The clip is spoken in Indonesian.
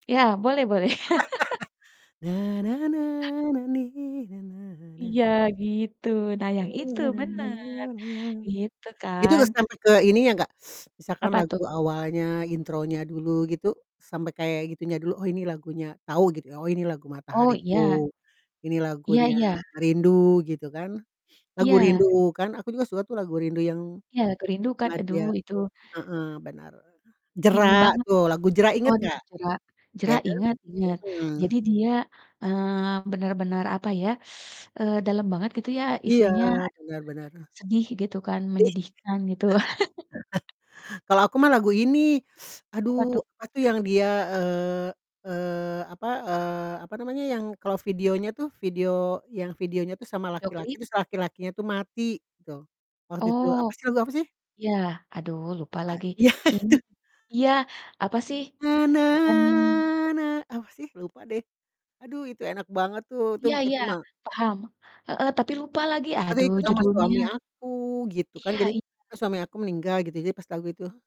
Ya, boleh boleh. Iya gitu, nah yang itu bener gitu Itu dah kan. sampai ke ini yang gak, misalkan Apa lagu tuh? awalnya, intronya dulu gitu, sampai kayak gitunya dulu, oh ini lagunya tau gitu ya, oh ini lagu Oh, iya. Matahariku, ini Iya lagunya iya. Rindu gitu kan. Lagu Iya. Rindukan aku juga suka tuh lagu Rindu yang Iya, "Ku Rindukan" aduh madya itu heeh, benar ini Jera, banget. tuh, lagu Jera inget Waduh gak? Jera. Jera Iya kan? ingat ingat, Mhm. jadi dia, eee, bener-bener, apa ya, eee, dalam banget gitu ya, Iya, isinya bener bener. aduh sedih gitu kan Di menyedihkan gitu. kalau aku mah lagu ini, Apa tuh? aduh apa tuh yang dia, eee eee, apa, eee, apa namanya, yang kalau videonya tuh, video yang videonya tuh sama Video laki-laki klip. terus laki-lakinya tuh mati gitu, waktu itu Oh. apa sih lagu apa sih? Iya, aduh lupa A lagi, ya ini itu. iya apa sih, bukannya Apa sih? Lupa deh aduh itu enak banget tuh, itu Iya iya, itu mah paham, heeh, tapi lupa lagi, Jadi aduh inget sama judulnya suami aku gitu kan, iya jadi iya. pas suami aku meninggal gitu, jadi pas lagu itu